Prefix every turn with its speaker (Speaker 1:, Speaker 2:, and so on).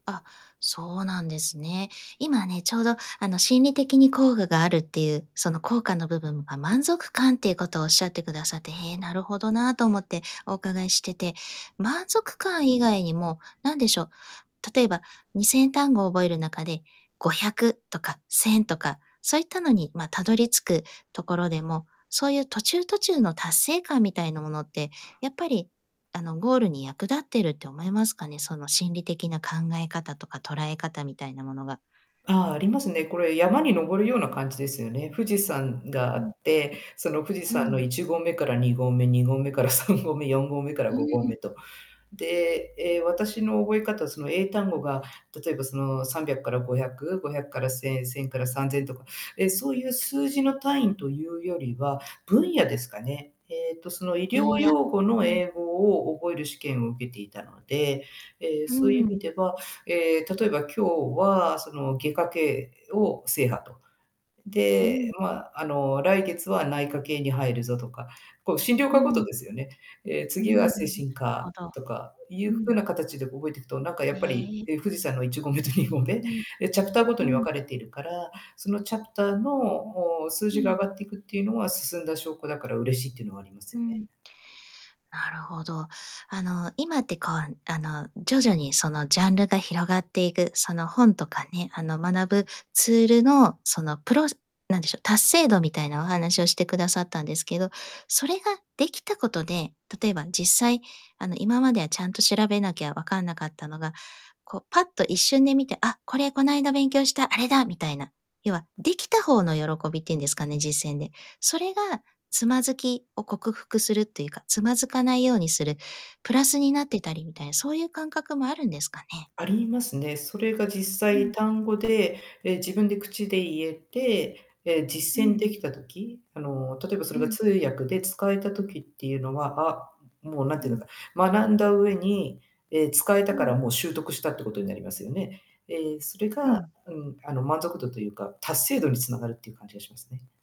Speaker 1: あ、そうなんですね。今ね、ちょうど、あの、心理的に効果があるっていう、その、効果の部分あ、満足感っていうことをおっしゃってくださって「へえ、なるほどな」と思ってお伺いしてて。満足感以外にも、なんでしょう、例えば、2000単語覚える中で、500とか、1000とか、そういったのに、ま、辿り着くところでも、そういう途中途中の達成感みたいなものって、やっぱり、あの、ゴールに役立ってるって思いますかね、その、心理的な考え方とか捉え方みたいなものが。
Speaker 2: ああ、ありますね。これ、山に登るような感じですよね。富士山があ
Speaker 1: うん。
Speaker 2: って、その、富士
Speaker 1: う
Speaker 2: 山の
Speaker 1: ん。
Speaker 2: 1合目から2合目、2合目から3合目、4合目から
Speaker 1: う
Speaker 2: 5合目
Speaker 1: ん。
Speaker 2: と。で、ええ、私の覚え方、その、英単語が、例えば、その、300から500、500から1000、1000から3000とか、ええ、そういう数字の単位というよりは、分野ですかね。ええと、その、医
Speaker 1: 分
Speaker 2: 療
Speaker 1: 野、
Speaker 2: 用語
Speaker 1: う
Speaker 2: の
Speaker 1: ん。
Speaker 2: 英語を覚える試験を受けていたので、ええ、
Speaker 1: う
Speaker 2: そういう意
Speaker 1: ん。
Speaker 2: 味では、ええ、例えば今日は、その、外科系を制覇と。
Speaker 1: う
Speaker 2: で、
Speaker 1: ん。
Speaker 2: ま、あの、来月は内科系に入るぞとか、こう、診療
Speaker 1: う
Speaker 2: 科毎
Speaker 1: ん。
Speaker 2: ですよね。ええ、
Speaker 1: う
Speaker 2: 次
Speaker 1: ん。
Speaker 2: は
Speaker 1: なる
Speaker 2: 精神
Speaker 1: ほ
Speaker 2: 科、
Speaker 1: ど。
Speaker 2: とかい
Speaker 1: う
Speaker 2: う風
Speaker 1: ん。
Speaker 2: な形で覚えていくと、なんか、や
Speaker 1: へ
Speaker 2: っぱり、
Speaker 1: え。
Speaker 2: ええ、富士山の1合目と2合目、
Speaker 1: うん。
Speaker 2: え、チャプターごと
Speaker 1: う
Speaker 2: に分
Speaker 1: ん。
Speaker 2: かれているから、そのチャプターの、お、数
Speaker 1: う
Speaker 2: 字が上
Speaker 1: ん。
Speaker 2: がっていくっていうのは進んだ証拠だから、嬉しいっていうのはあります
Speaker 1: う
Speaker 2: よね。
Speaker 1: ん。なるほど。あの、今って、こう、あの、徐々に、その、ジャンルが広がっていく、その、本とかね、あの、学ぶツールの、その、プロセなんでしょう、達成度みたいなお話をしてくださったんですけど、それができたことで、例えば、実際、あの、今まではちゃんと調べなきゃわかんなかったのが、こう、パッと一瞬で見て「あ、これこないだ勉強した、あれだ」みたいな、要は、できた方の喜びっていうんですかね、実践で。それが、躓きを克服するっていうか、躓かないようにする、プラスになってたり、みたいな、そういう感覚もあるんですかね？
Speaker 2: ありますね。それが、実
Speaker 1: う
Speaker 2: 際
Speaker 1: ん。
Speaker 2: 単語で、ええ、自分で口で言えて、ええ、
Speaker 1: う
Speaker 2: 実践
Speaker 1: ん。
Speaker 2: できた時あの、例えばそれ
Speaker 1: う
Speaker 2: が
Speaker 1: ん。
Speaker 2: 通訳で使えた時っていうのは、あもう、何て
Speaker 1: う
Speaker 2: 言う
Speaker 1: ん。
Speaker 2: のか、学んだ上に、ええ、使えた
Speaker 1: う
Speaker 2: か
Speaker 1: ん。
Speaker 2: ら、もう習得したってことになりますよね。ええ、それ
Speaker 1: う
Speaker 2: が、
Speaker 1: ん。
Speaker 2: うん、あの、満足度というか、達成度に繋がるっていう感じがしますね。